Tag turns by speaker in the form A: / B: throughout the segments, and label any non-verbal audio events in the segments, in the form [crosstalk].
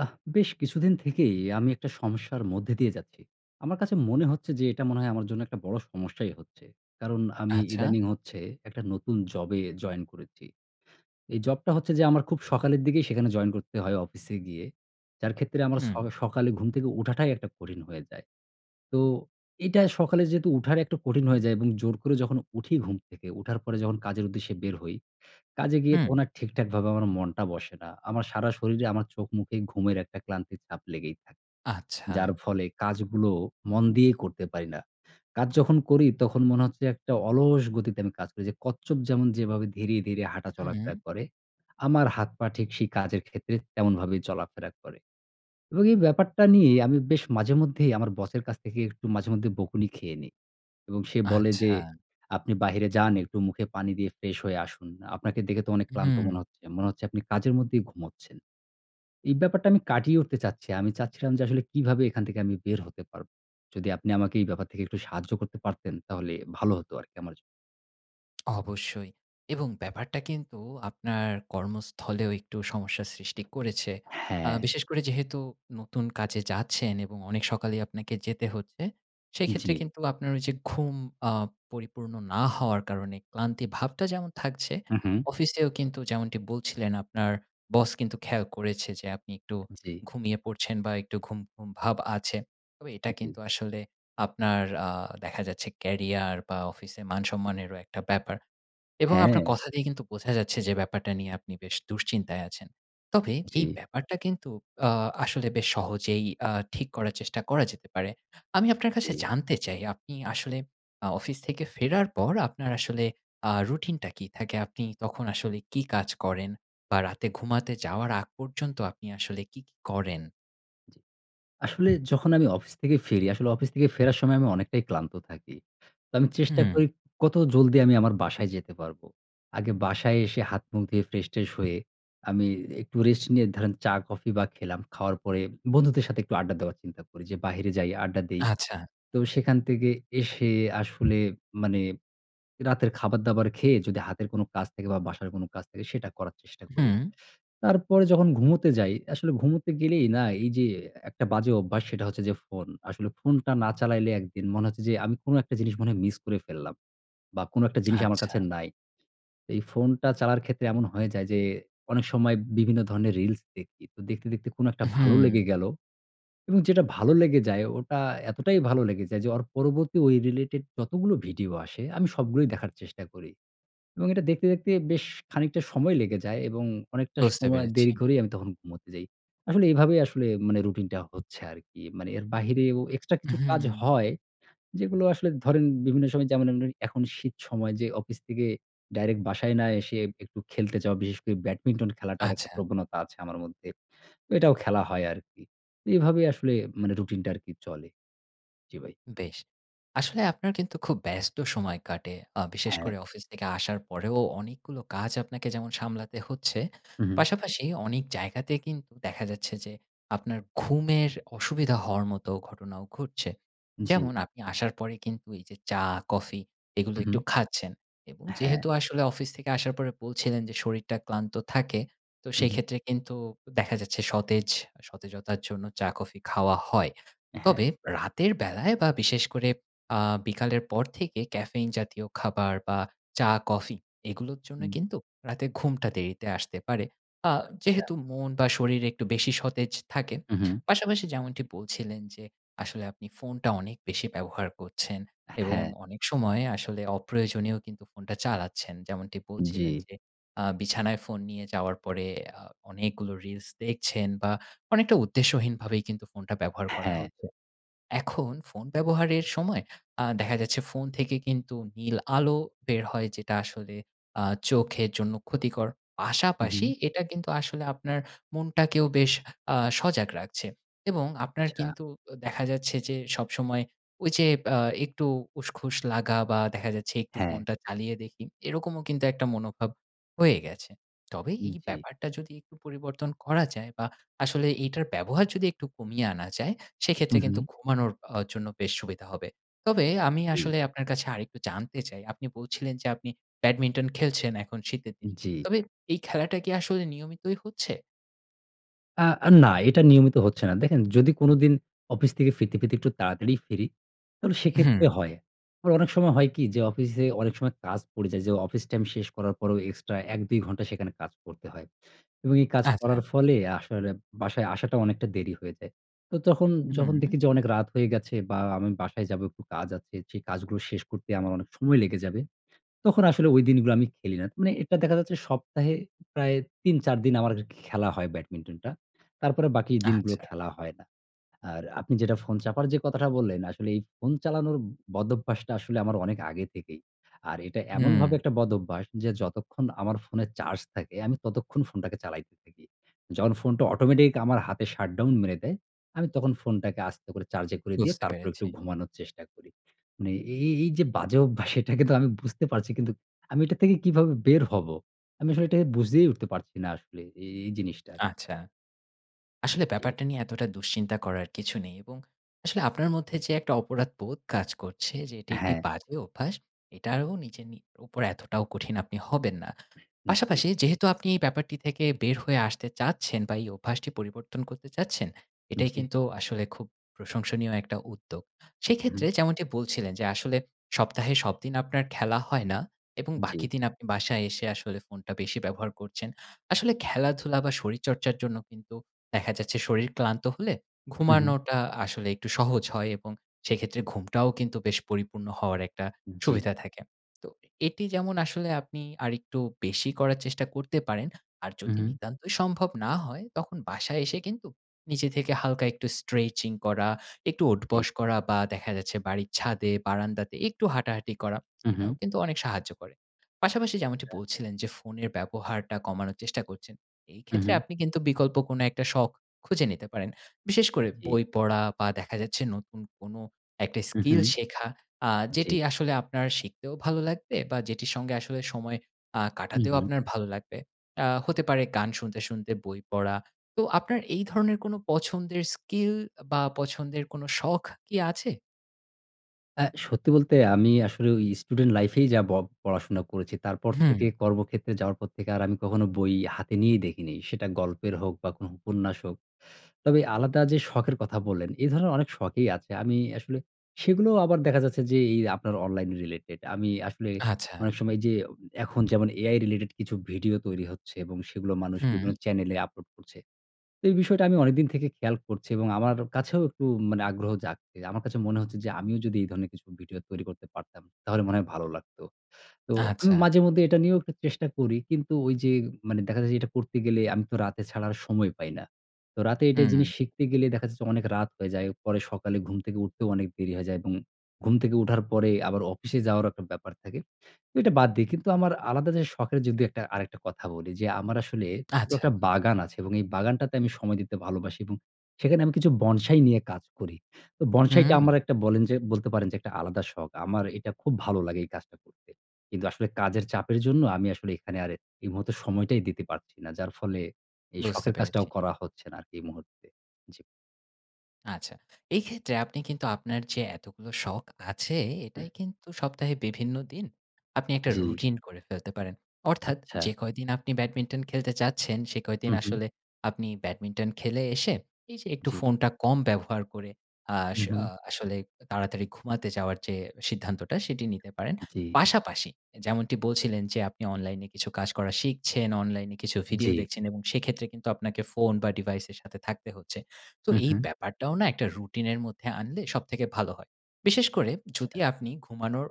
A: আহ বেশ কিছুদিন থেকেই আমি একটা সমস্যার মধ্যে দিয়ে যাচ্ছি। আমার কাছে মনে হচ্ছে যে এটা মনে হয় আমার জন্য একটা বড়ো সমস্যাই হচ্ছে, কারণ আমি
B: আচ্ছা।
A: ইদানিং হচ্ছে একটা নতুন জবে জয়েন করেছি। এই জবটা হচ্ছে যে আমার খুব সকালের দিকেই সেখানে জয়েন করতে হয়, অফিসে গিয়ে, যার ক্ষেত্রে আমার ছ
B: হুম।
A: সকালে ঘুম থেকে ওঠাটাই একটা কঠিন হয়ে যায়। তো এটা সকালে যেহেতু ওঠার একটা কঠিন হয়ে যায়, এবং জোর করে যখন উঠি ঘুম থেকে, ওঠার পরে যখন কাজের উদ্দেশ্যে বের হই, কাজে গিয়ে
B: হুম।
A: তখন আর ঠিকঠাকভাবে আমার মনটা বসে না। আমার সারা শরীরে, আমার চোখ-মুখে ঘুমের একটা ক্লান্তির ছাপ লেগেই থাকে, যার
B: আচ্ছা।
A: ফলে কাজগুলো মন দিয়েই করতে পারি না। কাজ যখন করি, তখন মনে হচ্ছে একটা অলস গতিতে আমি কাজ করি, যে কচ্ছপ যেমন যেভাবে ধীরে ধীরে হাঁটা
B: হুম।
A: চলাফেরা করে, আমার হাত পা ঠিক সেই কাজের ক্ষেত্রে তেমনভাবে চলাফেরা করে এবং এই ব্যাপারটা নিয়ে আমি বেশ মাঝেমধ্যেই আমার বসের কাছ থেকে একটু মাঝেমধ্যেই বকুনি খেয়ে নিই। এবং সে বলে যে,
B: আচ্ছা।
A: "আপনি বাহিরে যান, একটু মুখে পানি দিয়ে ফ্রেশ হয়ে আসুন। আপনাকে দেখে তো অনেক ক্লান্ত মনে
B: হুম।
A: হচ্ছে। মনে হচ্ছে আপনি কাজের মধ্যেই ঘুমোচ্ছেন।" এই ব্যাপারটা আমি কাটিয়ে উঠতে চাচ্ছি। আমি চাচ্ছিলাম যে আসলে কীভাবে এখান থেকে আমি বের হতে পারব। যদি আপনি আমাকে এই ব্যাপার থেকে একটু সাহায্য করতে পারতেন, তাহলে ভালো হতো আরকি আমার জন্য।
B: অবশ্যই। এবং ব্যাপারটা কিন্তু আপনার কর্মস্থলেও একটু সমস্যার সৃষ্টি করেছে। আ
A: হ্যাঁ।
B: বিশেষ করে যেহেতু নতুন কাজে যাচ্ছেন এবং অনেক সকালেই আপনাকে যেতে হচ্ছে, সেইক্ষেত্রে
A: জি।
B: কিন্তু আপনার ঐযে ঘুম আ পরিপূর্ণ না হওয়ার কারণে ক্লান্তি ভাবটা যেমন থাকছে,
A: হুম, হুম।
B: অফিসেও কিন্তু যেমনটি বলছিলেন আপনার boss কিন্তু খেয়াল করেছে যে আপনি একটু
A: জি।
B: ঘুমিয়ে পড়ছেন বা একটু ঘুম, ঘুম ভাব আছে। তবে এটা
A: জি।
B: কিন্তু আসলে আপনার আ দেখা যাচ্ছে career বা অফিসে মান সম্মানেরও একটা ব্যাপার। এবং আপনার
A: হ্যাঁ।
B: কথাতেই কিন্তু বোঝা যাচ্ছে যে ব্যাপারটা নিয়ে আপনি বেশ দুশ্চিন্তায় আছেন। তবে এই
A: জি।
B: ব্যাপারটা কিন্তু আ আসলে বেশ সহজেই আ ঠিক করার চেষ্টা করা যেতে পারে। আমি আপনার কাছে
A: জি।
B: জানতে চাই আপনি আসলে আ অফিস থেকে ফেরার পর আপনার আসলে আ রুটিনটা কি থাকে? আপনি তখন আসলে কি কাজ করেন বা রাতে ঘুমাতে যাওয়ার আগ পর্যন্ত আপনি আসলে কী, কী করেন?
A: জি, আসলে যখন আমি অফিস থেকে ফিরি, আসলে অফিস থেকে ফেরার সময় আমি অনেকটাই ক্লান্ত থাকি। তো আমি চেষ্টা
B: হুম।
A: করি কত জলদি আমি আমার বাসায় যেতে পারব। আগে বাসায় এসে হাত মুখ ধুয়ে, ফ্রেশ-ট্রেশ হয়ে, আমি একটু রেস্ট নিয়ে ধরেন চা কফি বা খেলাম। খাওয়ার পরে বন্ধুদের সাথে একটু আড্ডা দেওয়ার চিন্তা করি যে, "বাহিরে যাই, আড্ডা দেই।"
B: আচ্ছা।
A: তো সেখান থেকে এসে আসলে মানে রাতের খাবার-দাবার খেয়ে যদি হাতের কোনো কাজ থাকে বা বাসার কোনো কাজ থাকে সেটা করার চেষ্টা করি।
B: হুম।
A: তারপরে যখন ঘুমোতে যাই, আসলে ঘুমোতে গেলেই না এইযে একটা বাজে অভ্যাস সেটা হচ্ছে যে ফোন। আসলে ফোনটা না চালাইলে একদিন মনে হচ্ছে যে আমি কোনো একটা জিনিস মনে হয় মিস করে ফেললাম, বা কোনো একটা জিনিস আমার
B: আচ্ছা।
A: কাছে নাই। এই ফোনটা চালার ক্ষেত্রে এমন হয়ে যায় যে অনেক সময় বিভিন্ন ধরনের reels দেখি। তো দেখতে, দেখতে কোনো একটা ভালো লেগে গেলো এবং যেটা ভালো লেগে যায় ওটা এতটাই ভালো লেগে যায়, যে ওর পরবর্তী ঐ related যতগুলো ভিডিও আসে আমি সবগুলোই দেখার চেষ্টা করি। এবং এটা দেখতে, দেখতে বেশ খানিকটা সময় লেগে যায় এবং অনেকটা
B: বুঝতে
A: সময়
B: পেরেছি।
A: দেরি করেই আমি তখন ঘুমোতে যাই। আসলে এইভাবেই আসলে মানে রুটিনটা হচ্ছে আরকি। মানে এর বাহিরেও extra কিছু কাজ
B: হুম।
A: হয়। যেগুলো আসলে ধরেন বিভিন্ন সময় যেমন অন্যরি এখন শীত সময় যে অফিস থেকে direct বাসায় না এসে একটু খেলতে যাওয়া, বিশেষ করে ব্যাডমিন্টন খেলাটার একটা
B: আচ্ছা।
A: প্রবণতা আছে আমার মধ্যে। এটাও খেলা হয় আরকি। এভাবে আসলে মানে রুটিনটা আরকি চলে। জি ভাই।
B: বেশ! আসলে আপনার কিন্তু খুব ব্যস্ত সময় কাটে। আ বিশেষ
A: হ্যাঁ।
B: করে অফিস থেকে আসার পরেও অনেকগুলো কাজ আপনাকে যেমন সামলাতে হচ্ছে,
A: হুম, হুম।
B: পাশাপাশি অনেক জায়গাতে কিন্তু দেখা যাচ্ছে যে আপনার ঘুমের অসুবিধা হওয়ার মতো ঘটনাও ঘটছে। যেমন
A: জি।
B: আপনি আসার পরে কিন্তু এই যে চা, কফি এগুলো
A: হুম,
B: একটু
A: হুম।
B: খাচ্ছেন। এবং
A: হ্যাঁ।
B: যেহেতু আসলে অফিস থেকে আসার পরে বলছিলেন যে, "শরীরটা ক্লান্ত থাকে" তো
A: হুম, হুম।
B: সেইক্ষেত্রে কিন্তু অ দেখা যাচ্ছে সতেজ আ সতেজতার জন্য চা, কফি খাওয়া হয়।
A: হ্যাঁ।
B: তবে রাতের বেলায় বা বিশেষ করে আ বিকালের পর থেকে ক্যাফেইন জাতীয় খাবার বা চা, কফি এগুলোর জন্য
A: হুম।
B: কিন্তু রাতে ঘুমটা দেরিতে আসতে পারে, আ
A: আচ্ছা।
B: যেহেতু মন বা শরীর একটু বেশি সতেজ থাকে।
A: হুম, হুম।
B: পাশাপাশি যেমনটি বলছিলেন যে, আসলে আপনি ফোনটা অনেক বেশি ব্যবহার করছেন এবং
A: হ্যাঁ।
B: অনেক সময় আসলে অপ্রয়োজনেও কিন্তু ফোনটা চালাচ্ছেন। যেমনটি বলছিলেন
A: জি।
B: যে, আ বিছানায় ফোন নিয়ে যাওয়ার পরে আ অনেকগুলো reels দেখছেন বা অনেকটা উদ্দেশ্যহীনভাবেই কিন্তু ফোনটা ব্যবহার করা
A: হ্যাঁ।
B: হচ্ছে। এখন ফোন ব্যবহারের সময় আ দেখা যাচ্ছে ফোন থেকে কিন্তু নীল আলো বের হয়, যেটা আসলে আ চোখের জন্য ক্ষতিকর।
A: হুম,
B: পাশাপাশি
A: হুম।
B: এটা কিন্তু আসলে আপনার মনটাকেও বেশ আ সজাগ রাখছে। এবং আপনার
A: আচ্ছা।
B: কিন্তু ও দেখা যাচ্ছে যে সবসময় ঐযে আ একটু উসখুস লাগা বা দেখা যাচ্ছে একটু
A: হ্যাঁ।
B: ফোনটা চালিয়ে দেখি, এরকমও কিন্তু একটা মনোভাব হয়ে গেছে। তবে এই
A: জি।
B: ব্যাপারটা যদি একটু পরিবর্তন করা যায় বা আসলে এইটার ব্যবহার যদি একটু কমিয়ে আনা যায়, সেক্ষেত্রে
A: হুম,
B: কিন্তু
A: হুম।
B: ঘুমানোর অ জন্য বেশ সুবিধা হবে। তবে আমি
A: জি।
B: আসলে আপনার কাছে আরেকটু জানতে চাই আপনি বলছিলেন যে আপনি ব্যাডমিন্টন খেলছেন এখন শীতের দিন,
A: জি।
B: তবে এই খেলাটা কি আসলে নিয়মিতই হচ্ছে?
A: আ আ না, এটা নিয়মিত হচ্ছে না। দেখেন, যদি কোনোদিন অফিস থেকে ফিরতে, ফিরতে একটু তাড়াতাড়ি ফিরি, তাহলে সে ক্ষেত্রে
B: হু।
A: হয়। আবার অনেক সময় হয় কি? যে অফিসে অনেক সময় কাজ পড়ে যায়, যে অফিস টাইম শেষ করার পরেও এক্সট্রা ১ ২ ঘণ্টা সেখানে কাজ করতে হয় এবং এই কাজ করার
B: আচ্ছা।
A: ফলে আসলে বাসায় আসাটা অনেকটা দেরি হয়ে যায়। তো তখন যখন
B: হুম।
A: দেখি যে, অনেক রাত হয়ে গেছে বা আমি বাসায় যাব একটু কাজ আছে, সেই কাজগুলো শেষ করতে আমার অনেক সময় লেগে যাবে, তখন আসলে ঐ দিনগুলো আমি খেলি না। মানে এটা দেখা যাচ্ছে সপ্তাহে প্রায় ৩ ৪ দিন আমার খেলা হয় ব্যাডমিন্টনটা। তারপরে বাকি দিনগুলো
B: আচ্ছা।
A: খেলা হয় না। আর আপনি যেটা ফোন চাপার যে কথাটা বললেন, আসলে এই ফোন চালানোর বদঅভ্যাসটা আসলে আমার অনেক আগে থেকেই। আর এটা এমনভাবে
B: হু।
A: একটা বদঅভ্যাস যে, যতক্ষণ আমার ফোনের চার্জ থাকে, আমি ততক্ষণ ফোনটাকে চালাইতে থাকি। যখন ফোনটা অটোমেটিক আমার হাতে shutdown মেরে দেয়, আমি তখন ফোনটাকে আস্তে করে চার্জে করে দিয়ে
B: বুঝতে
A: তারপরে
B: পেরেছি।
A: একটু ঘুমানোর চেষ্টা করি। মানে এই এই এই যে বাজে অভ্যাস, এটাকে তো আমি বুঝতে পারছি, কিন্তু আমি এটা থেকে কিভাবে বের হব? আমি আসলে এটাকে বুঝেই উঠতে পারছি না আসলে এ এই জিনিসটার।
B: আচ্ছা। আসলে
A: জি।
B: ব্যাপারটা নিয়ে এতটা দুশ্চিন্তা করার কিছু নেই এবং আসলে আপনার মধ্যে যে, একটা অপরাধবোধ কাজ করছে যে "এটি একটি
A: হ্যাঁ।
B: বাজে অভ্যাস", এটাও নিজের নি ওপর এতটাও কঠিন আপনি হবেন না।
A: হুম, জি।
B: পাশাপাশি যেহেতু আপনি এই ব্যাপারটি থেকে বের হয়ে আসতে চাচ্ছেন বা এই অভ্যাসটি পরিবর্তন করতে চাচ্ছেন, এটাই
A: জি।
B: কিন্তু আসলে খুব প্রশংসনীয় একটা উদ্যোগ। সে
A: হুম।
B: ক্ষেত্রে যেমনটি বলছিলেন, যে আসলে সপ্তাহে সবদিন আপনার খেলা হয় না এবং
A: জি।
B: বাকি দিন আপনি বাসায় এসে আসলে ফোনটা বেশি ব্যবহার করছেন। আসলে খেলাধুলা বা শরীরচর্চার জন্য কিন্তু দেখা যাচ্ছে শরীর ক্লান্ত হলে.
A: হু, হু।
B: ঘুমানোটা আসলে একটু সহজ হয় এবং সে ক্ষেত্রে ঘুমটাও কিন্তু বেশ পরিপূর্ণ হওয়ার একটা
A: জি।
B: সুবিধা থাকে। তো এটি যেমন আসলে আপনি আরেকটু বেশি করার চেষ্টা করতে পারেন; আর
A: উম,
B: যদি
A: হুম।
B: নিতান্তই সম্ভব না হয়, তখন বাসায় এসে কিন্তু নিজে থেকে হালকা একটু স্ট্রেচিং করা, একটু
A: জি।
B: ওঠবস করা বা দেখা যাচ্ছে বাড়ির ছাদে, বারান্দাতে একটু হাঁটাহাঁটি করা,
A: উম,
B: এটা ও
A: হুম।
B: কিন্তু অনেক সাহায্য করে। পাশাপাশি যেমনটি
A: আচ্ছা।
B: বলছিলেন যে, ফোনের ব্যবহারটা কমানোর চেষ্টা করছেন; এই
A: হু,
B: ক্ষেত্রে
A: হু।
B: আপনি কিন্তু বিকল্প কোনো একটা শখ খুঁজে নিতে পারেন। বিশেষ করে
A: জি।
B: বই পড়া বা দেখা যাচ্ছে নতুন কোনো একটা
A: হু, হু।
B: স্কিল শেখা, আ
A: জি।
B: যেটি আসলে আপনার শিখতেও ভালো লাগবে বা যেটির সঙ্গে আসলে সময় আ
A: হু,
B: কাটাতেও
A: হু।
B: আপনার ভালো লাগবে। আ হতে পারে গান শুনতে, শুনতে বই পড়া। তো আপনার এই ধরনের কোনো পছন্দের স্কিল বা পছন্দের কোনো শখ কি আছে?
A: অ্যা সত্যি বলতে আমি আসলে ঐ স্টুডেন্ট লাইফেই যা ব পড়াশোনা করেছি। তারপর
B: হুম।
A: থেকে কর্মক্ষেত্রে যাওয়ার পর থেকে আর আমি কখনো বই হাতে নিয়ে দেখিনি। সেটা গল্পের হোক বা কোন উপন্যাস হোক। তবে আলাদা যে শখের কথা বললেন, এ ধরনের অনেক শখেই আছে। আমি আসলে সেগুলোও আবার দেখা যাচ্ছে যে এই আপনার অনলাইন রিলেটেড। আমি আসলে
B: আচ্ছা।
A: অনেক সময় যে ওম এখন যেমন AI রিলেটেড কিছু ভিডিও তৈরি হচ্ছে, এবং সেগুলো মানুষ বিভিন্ন
B: হু।
A: চ্যানেলে আপলোড করছে। তো এই বিষয়টা আমি অনেক দিন থেকে খেয়াল করছি, এবং আমার কাছেও একটু মানে আগ্রহ জাগ এ আমার কাছে মনে হচ্ছে যে, "আমিও যদি এই ধরনের কিছু ভিডিও তৈরি করতে পারতাম! তাহলে মনে হয় ভালো লাগতো।" তো আমি
B: আচ্ছা।
A: মাঝেমধ্যে এটা নিয়েও একটু চেষ্টা করি। কিন্তু ঐ যে মানে দেখা যায় এটা করতে গেলে আমি তো রাতে ছাড়া আর সময় পাই না। তো রাতে এইটা জিনিস
B: হু।
A: শিখতে গেলে দেখা যাচ্ছে অনেক রাত হয়ে যায়। পরে সকালে ঘুম থেকে উঠতেও অনেক দেরি হয়ে যায় এবং ঘুম থেকে উঠার পরে আবার অফিসে যাওয়ারও একটা ব্যাপার থাকে। তো এটা বাদ দেই। কিন্তু আমার আলাদা যে শখের যে দু-একটা আরেকটা কথা বলি যে, আমার আসলে [unintelligible]
B: আচ্ছা।
A: একটা বাগান আছে এবং এই বাগানটাতে আমি সময় দিতে ভালোবাসি এবং সেখানে আমি কিছু বনসাই নিয়ে কাজ করি। তো বনসাইটা
B: হু!
A: আমার একটা বলেন যে বলতে পারেন যে একটা আলাদা শখ। আমার এটা খুব ভালো লাগে এই কাজটা করতে। কিন্তু আসলে কাজের চাপের জন্য আমি আসলে এখানে আর এই মুহূর্তে সময়টাই দিতে পারছি না। যার ফলে এই
B: বুঝতে
A: শখের কাজটাও
B: পেরেছি।
A: করা হচ্ছে না আর কি এ মুহূর্তে। জি।
B: আচ্ছা। এই ক্ষেত্রে আপনি কিন্তু আপনার যে এতগুলো শখ আছে, এটাই কিন্তু সপ্তাহে বিভিন্ন দিন আপনি একটা
A: জি।
B: রুটিন করে ফেলতে পারেন। অর্থাৎ
A: আচ্ছা।
B: যে কয়দিন আপনি ব্যাডমিন্টন খেলতে চাচ্ছেন, সে কয়দিন
A: হুম, হুম।
B: আসলে আপনি ব্যাডমিন্টন খেলে এসে এইযে একটু
A: জি।
B: ফোনটা কম ব্যবহার করে, আস
A: হুম, হুম।
B: আ আসলে তাড়াতাড়ি ঘুমাতে যাওয়ার যে সিদ্ধান্তটা সেটি নিতে পারেন।
A: জি।
B: পাশাপাশি যেমনটি বলছিলেন যে আপনি অনলাইনে কিছু কাজ করা শিখছেন, অনলাইনে কিছু ভিডিও
A: জি।
B: দেখছেন এবং সেক্ষেত্রে কিন্তু আপনাকে ফোন বা device এর সাথে থাকতে হচ্ছে। তো
A: হুম,
B: এই
A: হুম।
B: ব্যাপারটাও না একটা রুটিন এর মধ্যে আনলে সবথেকে ভালো হয়। বিশেষ করে,
A: আচ্ছা।
B: যদি আপনি ঘুমানোর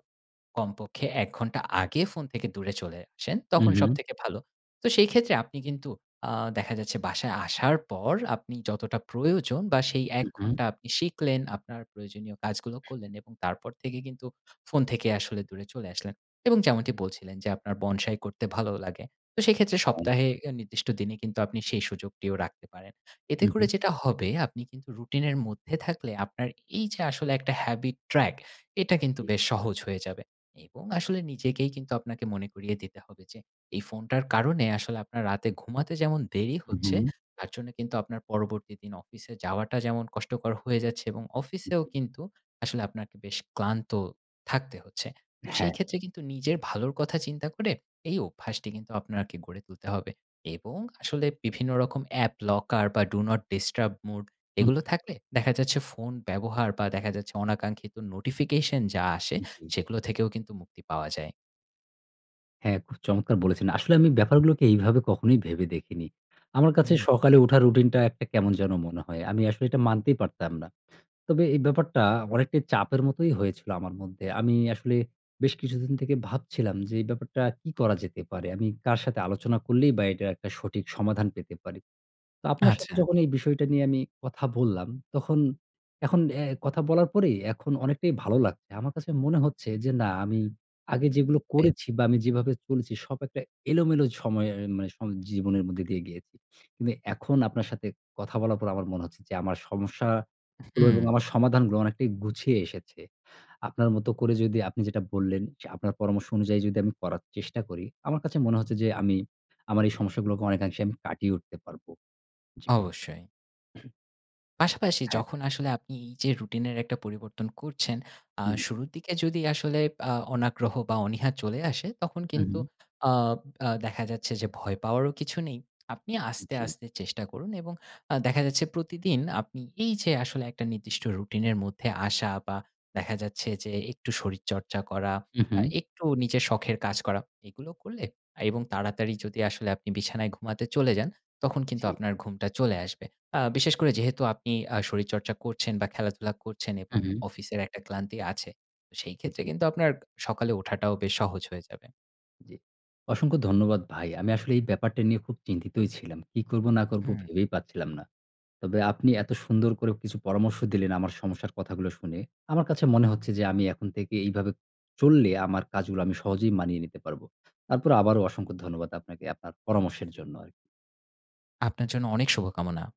B: কমপক্ষে ১ ঘন্টা আগে ফোন থেকে দূরে চলে আসেন,
A: হুম,
B: তখন
A: হুম।
B: সবথেকে ভালো। তো সেই ক্ষেত্রে আপনি কিন্তু আ দেখা যাচ্ছে বাসায় আসার পর আপনি যতটা প্রয়োজন বা সেই ১
A: হুম, হুম।
B: ঘন্টা আপনি শিখলেন, আপনার প্রয়োজনীয় কাজগুলো করলেন, এবং তারপর থেকে কিন্তু ফোন থেকে আসলে দূরে চলে আসলেন এবং যেমনটি বলছিলেন যে আপনার বনসাই করতে ভালো লাগে। তো সেইক্ষেত্রে
A: হুম।
B: সপ্তাহে নির্দিষ্ট দিনে কিন্তু আপনি সেই সুযোগটিও রাখতে পারেন। এতে
A: হুম,
B: করে
A: হুম।
B: যেটা হবে, আপনি কিন্তু রুটিন এর মধ্যে থাকলে আপনার এই যে আসলে একটা habit track এটা কিন্তু
A: জি।
B: বেশ সহজ হয়ে যাবে, এবং আসলে নিজেকেই কিন্তু আপনাকে মনে করিয়ে দিতে হবে যে এই ফোনটার কারণে আসলে আপনার রাতে ঘুমাতে যেমন দেরি
A: হুম,
B: হচ্ছে,
A: হুম।
B: তার জন্য কিন্তু আপনার পরবর্তী দিন অফিসে যাওয়াটা যেমন কষ্টকর হয়ে যাচ্ছে এবং অফিসেও
A: জি।
B: কিন্তু আসলে আপনাকে বেশ ক্লান্ত থাকতে হচ্ছে। তো
A: হ্যাঁ।
B: সেই ক্ষেত্রে কিন্তু নিজের ভালোর কথা চিন্তা করে, এই অভ্যাসটি কিন্তু আপনাকে গড়ে তুলতে হবে। এবং আসলে বিভিন্ন রকম app locker বা Do Not Disturb mode
A: হুম।
B: এগুলো থাকলে দেখা যাচ্ছে ফোন ব্যবহার বা দেখা যাচ্ছে অনাকাঙ্ক্ষিত নোটিফিকেশন যা আসে,
A: জি।
B: সেগুলো থেকেও কিন্তু মুক্তি পাওয়া যায়।
A: হ্যাঁ খুব চমৎকার বলেছেন! আসলে আমি ব্যাপারগুলোকে এইভাবে কখনোই ভেবে দেখিনি। আমার কাছে
B: উ-হুম।
A: সকালে উঠা রুটিন টা একটা কেমন যেন মনে হয়। আমি আসলে এটা মানতেই পারতাম না। তবে এই ব্যাপারটা অনেকটাই চাপের মতোই হয়েছিল আমার মধ্যে। আমি আসলে বেশ কিছুদিন থেকে ভাবছিলাম যে, "এই ব্যাপারটা কী করা যেতে পারে?" আমি কার সাথে আলোচনা করলেই বা এইটার একটা সঠিক সমাধান পেতে পারি। তো আপনার সাথে
B: আচ্ছা।
A: যখন এই বিষয়টা নিয়ে আমি কথা বললাম, তখন এখন অ্যা কথা বলার পরেই এখন অনেকটাই ভালো লাগছে। আমার কাছে মনে হচ্ছে যে, "না আমি আগে যেগুলো
B: বে
A: করেছি বা আমি যেভাবে চলেছি সব একটা এলোমেলো সময়ে অ্যা মানে সম জীবনের মধ্যে দিয়ে গিয়েছি। কিন্তু এখন আপনার সাথে কথা বলার পর আমার মনে হচ্ছে যে আমার সমস্যাগুলো এবং আমার সমাধানগুলো অনেকটাই গুছিয়ে এসেছে। আপনার মতো করে যদি আপনি যেটা বললেন, যে আপনার পরামর্শ অনুযায়ী যদি আমি করার চেষ্টা করি, আমার কাছে মনে হচ্ছে যে আমি আমার এই সমস্যাগুলোকে অনেকাংশে আমি কাটিয়ে উঠতে পারব। জি ভাই।
B: অবশ্যই।
A: [clears throat]
B: পাশাপাশি
A: হ্যাঁ।
B: যখন আসলে আপনি এই যে রুটিন এর একটা পরিবর্তন করছেন, আ
A: জি।
B: শুরুর দিকে যদি আসলে আ অনাগ্রহ বা অনীহা চলে আসে, তখন কিন্তু
A: উ-হুম।
B: আব আ দেখা যাচ্ছে যে ভয় পাওয়ারও কিছু নেই। আপনি আস্তে,
A: জি।
B: আস্তে চেষ্টা করুন এবং আ দেখা যাচ্ছে প্রতিদিন আপনি এই যে আসলে একটা নির্দিষ্ট রুটিন এর মধ্যে আসা বা দেখা যাচ্ছে যে একটু শরীরচর্চা করা, আ
A: উ-হুম।
B: একটু নিজের শখের কাজ করা, এগুলো করলে এবং তাড়াতাড়ি যদি আসলে আপনি বিছানায় ঘুমাতে চলে যান, তখন কিন্তু
A: জি।
B: আপনার ঘুমটা চলে আসবে। আ বিশেষ করে যেহেতু আপনি আ শরীরচর্চা করছেন বা খেলাধুলা করছেন এবং
A: উ-হুম।
B: অফিসের একটা ক্লান্তি আছে, তো সেই ক্ষেত্রে
A: জি।
B: কিন্তু আপনার সকালে উঠাটাও বেশ সহজ হয়ে যাবে।
A: জি। অসংখ্য ধন্যবাদ ভাই। আমি আসলে এই ব্যাপারটা নিয়ে খুব চিন্তিতই ছিলাম। কি করবো, না করবো,
B: হুম।
A: ভেবেই পাচ্ছিলাম না। তবে আপনি এত সুন্দর করেও কিছু পরামর্শ দিলেন আমার সমস্যার কথাগুলা শুনে, আমার কাছে মনে হচ্ছে যে আমি এখন থেকে এইভাবে চললে আমার কাজগুলো আমি সহজেই মানিয়ে নিতে পারব। তারপরও আবারও অসংখ্য ধন্যবাদ আপনাকে আপনার পরামর্শের জন্য আরকি।
B: আপনার জন্য অনেক শুভকামনা।